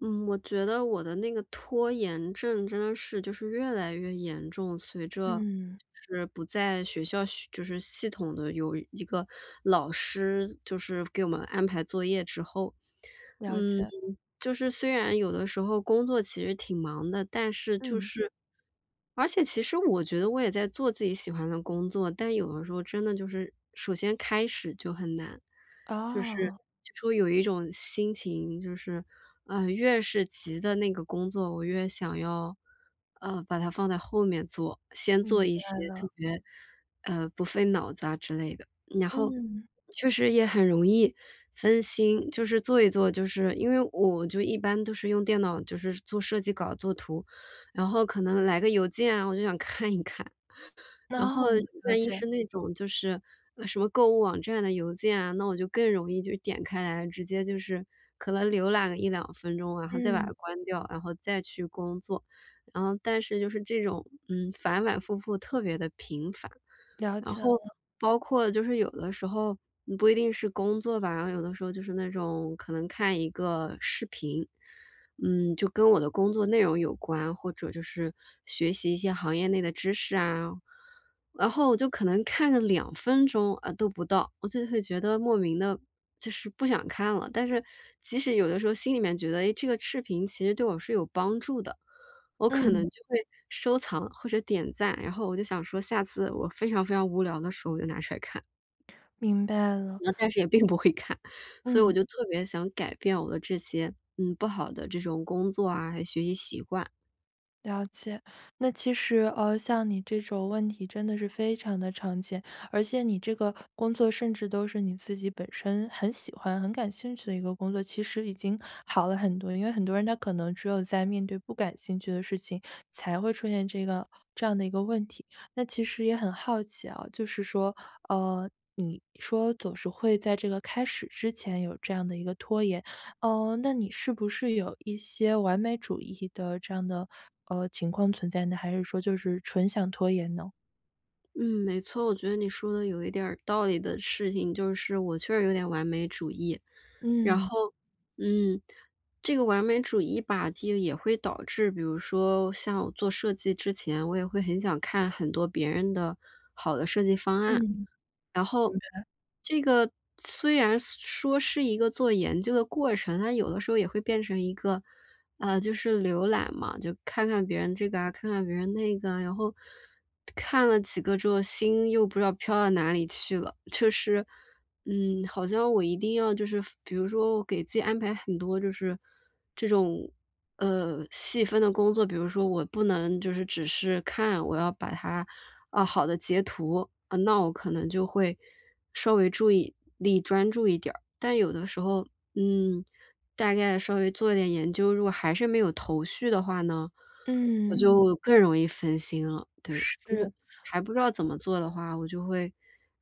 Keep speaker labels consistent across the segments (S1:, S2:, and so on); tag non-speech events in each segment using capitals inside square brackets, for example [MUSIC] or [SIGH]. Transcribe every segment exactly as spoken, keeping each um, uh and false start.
S1: 嗯，我觉得我的那个拖延症，真的是就是越来越严重。随着
S2: 嗯。
S1: 就是不在学校就是系统地有一个老师，就是给我们安排作业之后，
S2: 了
S1: 嗯，
S2: 解。
S1: 就是虽然有的时候，工作其实挺忙的，但是就
S2: 嗯。
S1: 是而且其实我觉得，我也在做自己喜欢的工作，但有的时候真的就是首先开始就很难。就是
S2: 哦。
S1: 就说有一种心情，就是，嗯，越是急的那个工作，我越想要，呃，把它放在后面做，先做
S2: 明
S1: 一些
S2: 白
S1: 特
S2: 了。
S1: 别，呃，不费脑子啊的之类的。然后
S2: 嗯。
S1: 确实也很容易分心，就是做一做，就是因为我就一般都是用电脑，就是做设计稿做图。然后可能来个邮件啊，我就想看一看，然后
S2: 哦，了
S1: 万一
S2: 解。
S1: 是那种就是什么购物网站的邮件啊，那我就更容易就点开来，直接就是可能浏览个一两分钟，然后再把它
S2: 嗯。
S1: 关掉，然后再去工作，然后但是就是这种，嗯，反反复复特别地频繁。
S2: 了
S1: 然
S2: 解
S1: 后
S2: 了。
S1: 包括就是有的时候，不一定是工作吧，然后有的时候，就是那种可能看一个视频。嗯，就跟我的工作内容有关，或者就是学习一些行业内的知识啊，然后我就可能看了两分钟，呃，都不到，我就会觉得，莫名地就是不想看了，但是即使有的时候心里面觉得：“哎，这个视频其实对我是有帮助的，”我可能
S2: 嗯。
S1: 就会收藏或者点赞，然后我就想说，下次我非常非常无聊的时候，我就拿出来看。
S2: 明白了。
S1: 那但是也并不会看，所以我
S2: 嗯。
S1: 就特别想改变我的这些，嗯，不好的这种工作啊，还有学习习惯。
S2: 了解，那其实呃，像你这种问题真的是非常的常见，而且你这个工作甚至都是你自己本身很喜欢、很感兴趣的一个工作，其实已经好了很多。因为很多人他可能只有在面对不感兴趣的事情，才会出现这个这样的一个问题。那其实也很好奇啊，就是说，呃，你说“总是会在这个开始之前有这样的一个拖延”，嗯，那你是不是有一些完美主义的这样的，呃，情况存在呢，还是说就是纯想拖延呢？
S1: 嗯，没错，我觉得你说的有一点儿道理的事情就是我确实有点完美主义。然
S2: 嗯。
S1: 后，嗯，这个完美主义吧，就也会导致比如说像我做设计之前，我也会很想看很多别人的好的设计方
S2: 嗯。
S1: 案。
S2: 明
S1: 然后
S2: 白。
S1: 这个虽然说是一个做研究的过程，但有的时候也会变成一个啊，就是浏览嘛，就看看别人这个啊，看看别人那个啊，然后，看了几个之后心又不知道飘到哪里去了。就是，嗯，好像我一定要就是比如说我给自己安排很多就是这种，呃，细分的工作，比如说我不能就是只是看，我要把它啊，好的截图，那我可能就会稍微注意力专注一点儿。但有的时候，嗯，大概稍微做一点研究，如果还是没有头绪的话呢，我
S2: 嗯。
S1: 就更容易分心了，对。
S2: 是。
S1: 还不知道怎么做的话，我就会，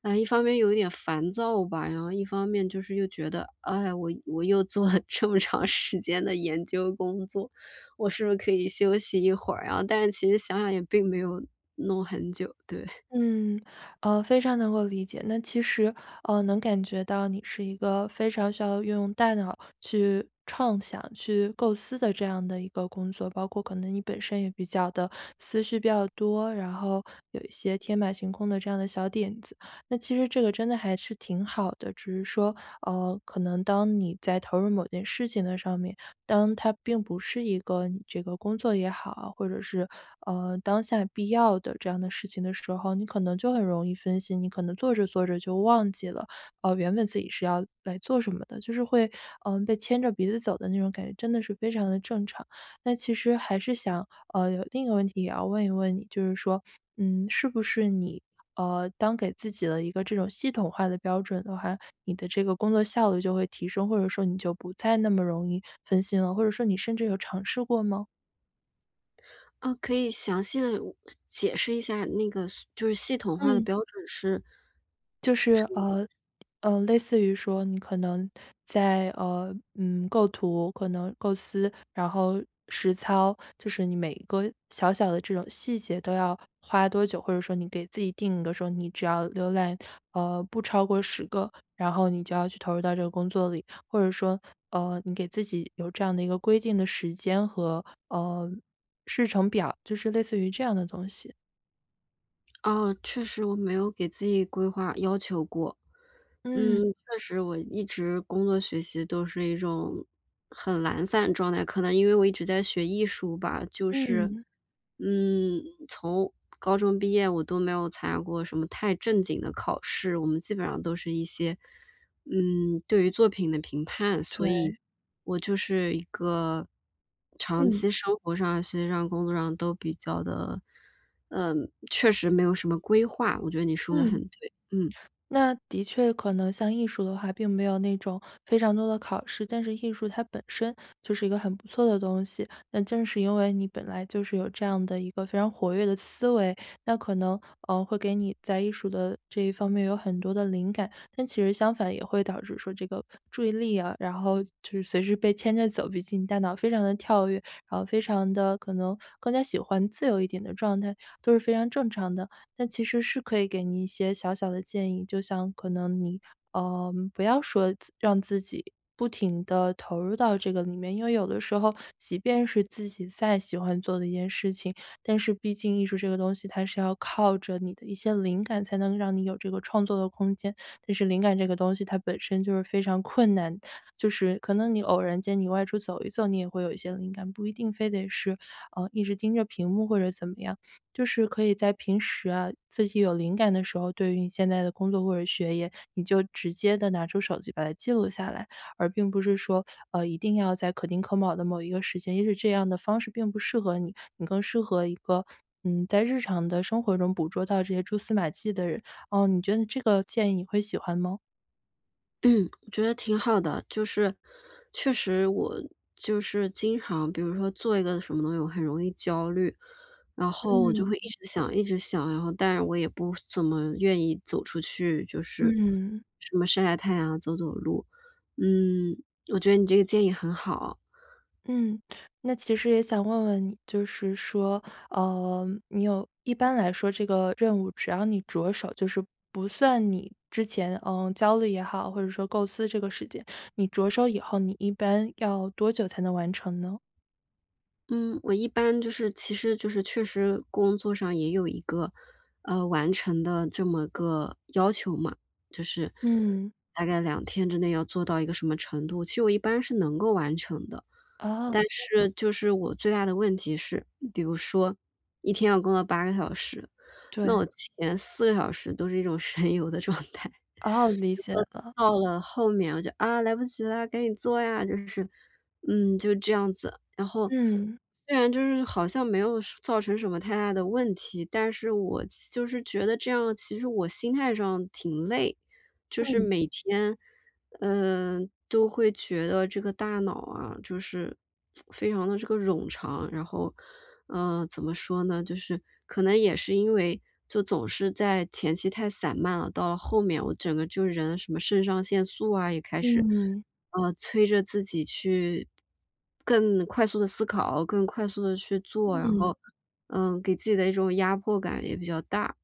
S1: 哎，一方面有一点烦躁吧，然后一方面就是又觉得，“哎呀，我我又做了这么长时间的研究工作，我是不是可以休息一会儿啊”，但是其实想想也并没有弄很久，对。[CHUCKLES]
S2: 嗯，呃，非常能够理解，那其实，呃，能感觉到你是一个非常需要用大脑去创想、去构思的这样的一个工作。包括可能你本身也比较的思绪比较多，然后有一些天马行空的这样的小点子，那其实这个真的还是挺好的。只是说，呃，可能当你在投入某件事情的上面，当它并不是一个你这个工作也好，或者是，呃，当下必要的这样的事情的时候，你可能就很容易分心，你可能做着做着就忘记了，呃，原本自己是要来做什么的，就是会，嗯，被牵着鼻子走的那种感觉真的是非常的正常。那其实还是想，呃，有另一个问题也要问一问你，就是说，嗯，是不是你呃，当给自己的一个这种系统化的标准的话，你的这个工作效率就会提升？或者说你就不再那么容易分心了，或者说你甚至有尝试过吗？
S1: 啊，可以详细地武解释一下儿那个所就是系统化的
S2: 嗯。
S1: 标准是
S2: 就是，
S1: 什么意思？
S2: 呃，呃，类似于说你可能在，呃，嗯，构图可能构思，然后实操，就是你每一个小小的这种细节都要花多久？或者说你给自己定一个说，你只要浏览，呃，不超过十个，然后你就要去投入到这个工作里。或者说，呃，你给自己有这样的一个规定的时间和，呃，日程表，就是类似于这样的东西。
S1: 啊，确实我没有给自己规划要求过。嗯，
S2: 嗯。
S1: 确实我一直工作、学习都是一种很懒散状态。可能因为我一直在学艺术吧，就是，
S2: 嗯。
S1: 嗯，从高中毕业我都没有参加过什么太正经的考试，我们基本上都是一些，嗯，对于作品的评判。所以
S2: 对。
S1: 我就是一个长
S2: 嗯。
S1: 期生活上、学习上、工作上都比较地，嗯，确实没有什么规划，我觉得你说得很
S2: 嗯。
S1: 对，嗯。
S2: 那的确可能像艺术的话并没有那种非常多的考试，但是艺术它本身就是一个很不错的东西。那正是因为你本来就是有这样的一个非常活跃的思维，那可能，呃，会给你在艺术的这一方面有很多的灵感。但其实相反也会导致说这个注意力啊，然后就是随时被牵着走，毕竟你大脑非常地跳跃，然后非常地可能更加喜欢自由一点的状态，都是非常正常的。但其实是可以给你一些小小的建议，就像可能你，呃，不要说自让自己不停地投入到这个里面，因为有的时候，即便是自己再喜欢做的一件事情，但是毕竟艺术这个东西它是要靠着你的一些灵感，才能让你有这个创作的空间。但是灵感这个东西它本身就是非常困难，就是可能你偶然间你外出走一走，你也会有一些灵感，不一定非得是，呃，一直盯着屏幕或者怎么样。就是可以在平时啊，自己有灵感的时候，对于你现在的工作或者学业，你就直接地拿出手机把它记录下来。而并不是说，呃，一定要在可丁可卯的某一个时间也许这样的方式并不适合你，你更适合一个嗯，在日常的生活中捕捉到这些蛛丝马迹的人。呃，你觉得这个建议你会喜欢吗？
S1: 嗯，觉得挺好的。就是确实我就是经常比如说做一个什么东西我很容易焦虑，然后我就
S2: 嗯。
S1: 会一直想一直想，然后但我也不怎么，呃，愿意走出去，就是
S2: 嗯。
S1: 什么晒晒太阳走走路。嗯，我觉得你这个建议很好。
S2: 嗯，那其实也想问问你，就是说，呃，你有一般来说这个任务只要你着手，就是不算你之前，呃，焦虑也好，或者说构思这个时间，你着手以后，你一般要多久才能完成呢？
S1: 嗯，我一般就是其实就是确实工作上也有一个，呃，完成的这么个要求嘛。就是
S2: 嗯。
S1: 大概两天之内要做到一个什么程度，其实我一般是能够完成的，
S2: 哦。
S1: 但是就是我最大的问题是，比如说一天要工作八个小时，那
S2: 对。
S1: 我前四个小时都是一种神游的状态，
S2: 哦，理解了。
S1: 然后到了后面我就：“啊来不及了，赶紧做呀”。就是，嗯就这样子。然后
S2: 嗯。
S1: 虽然就是好像没有说造成什么太大的问题，但是我其就是觉得这样其实我心态上挺累。就是
S2: 嗯。
S1: 每天，嗯，都会觉得这个大脑啊，就是 [TSK] 非常地这个冗长，然后怎么说呢？就是可能也是因为就总是在前期太散漫了，到后面我整个就人什么肾上腺素啊也开始，
S2: 嗯。
S1: 呃，催着自己去更快速地思考、更快速地去做，然
S2: 嗯。
S1: 后，嗯，给自己的一种压迫感也比较大。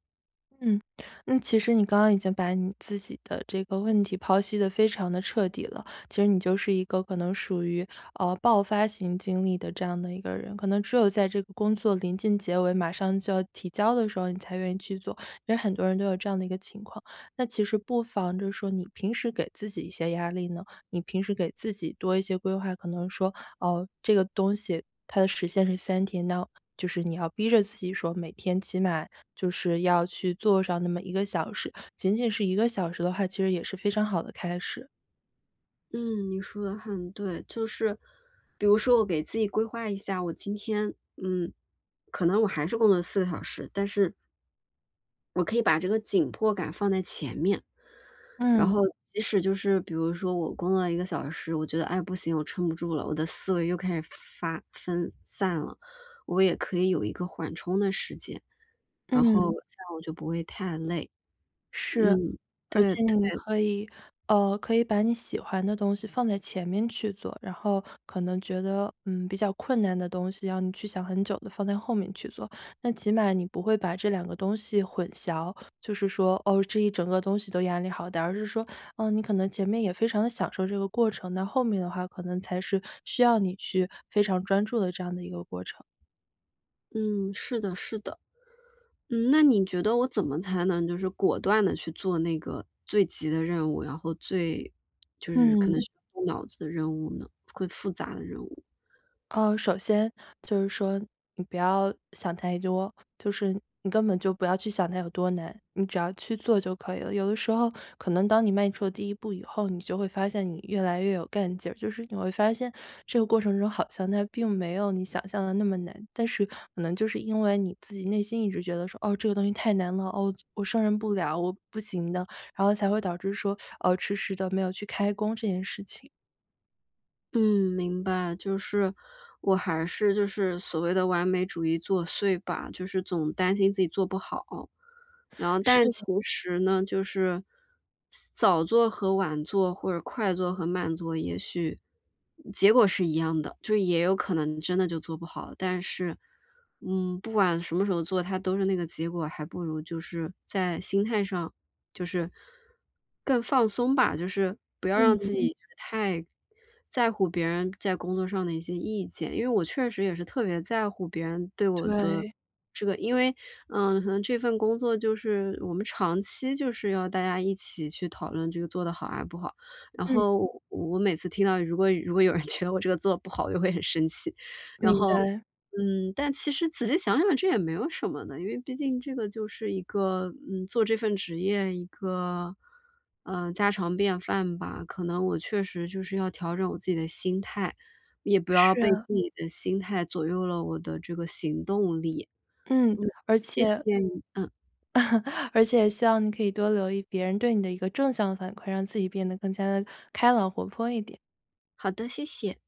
S2: 嗯，嗯，其实你刚刚已经把你自己的这个问题剖析得非常得彻底了。其实你就是一个可能属于，呃，爆发型经历的这样的一个人，可能只有在这个工作临近结尾马上就要提交的时候，你才愿意去做，因为很多人都有这样的一个情况。那其实不妨着说，你平时给自己一些压力呢？你平时给自己多一些规划，可能说，呃，这个东西，它的时限是三天，那就是你要逼着自己说每天起码就是要去做上那么一个小时，仅仅是一个小时的话，其实也是非常好的开始。
S1: 嗯，你说得很对。就是，比如说我给自己规划一下，我今天，嗯，可能我还是工作四个小时，但是我可以把这个紧迫感放在前面。然
S2: 嗯。
S1: 后即使就是比如说，我工作了一个小时，我觉得：唉，不行我撑不住了，我的思维又开始发分散了。“我也可以有一个缓冲的时间，然后
S2: 嗯。
S1: 这样我就不会太累。
S2: 是。
S1: 嗯，
S2: 而
S1: 对，
S2: 且
S1: 特
S2: 你
S1: 别
S2: 可以呃，可以把你喜欢的东西放在前面去做。然后可能觉得，嗯，比较困难的东西，让你去想很久的，放在后面去做。那起码你不会把这两个东西混淆，就是说，哦，这一整个东西都压力好大，而是说，呃，你可能前面也非常地享受这个过程，那后面的话，可能才是需要你去非常专注的这样的一个过程。
S1: 嗯，是的，是的。嗯，那你觉得我怎么才能就是果断地去做那个最急的任务，然后最就是可能
S2: 嗯。
S1: 是要动脑子的任务呢，会复杂的任务？
S2: 呃，首先就是说，你不要想太多，就是你根本就不要去想它有多难，你只要去做就可以了。有的时候可能当你迈出了第一步以后，你就会发现你越来越有干劲儿，就是你会发现这个过程中好像它并没有你想象的那么难，但是可能就是因为你自己内心一直觉得说：“哦，这个东西太难了，哦就，我胜任不了，我不行的。”然后才会导致说，[SUCKS TEETH] 呃，迟迟地没有去开工这件事情。
S1: 嗯，明白，就是我还是就是所谓的完美主义作祟吧。就是总担心自己做不好，然后但是
S2: 是的。
S1: 其实呢就是早做和晚做或者快做和慢做，也许，嗯结果是一样的，就也有可能真的就做不好。但是，嗯，不管什么时候做它都是那个结果，还不如就是在心态上就是，更放松吧，就是不要让自
S2: 嗯。
S1: 己太在乎别人在工作上的一些意见。因为我确实也是特别在乎别人对我的
S2: 对。
S1: 这个因为，嗯，可能这份工作就是我们长期就是要大家一起去讨论这个做得好还是不好，然
S2: 嗯。
S1: 后我我每次听到如果如果有人觉得我这个做不好就会很生气。然
S2: 明
S1: 后，
S2: 白。
S1: 嗯，但其实仔细想想这也没有什么的，因为毕竟这个就是一个，嗯，做这份职业一个，呃，家常便饭吧，可能我确实就是要调整我自己的心态，也不要
S2: 是
S1: 被
S2: 啊。
S1: 自己的心态左右了我的这个行动力。
S2: 嗯，
S1: 嗯，
S2: 而
S1: 谢谢
S2: 且
S1: 你，嗯。
S2: [CHUCKLES] 而且也希望你可以多留意别人对你的一个正向的反馈，让自己变得更加地开朗、活泼一点。
S1: 好的，谢谢。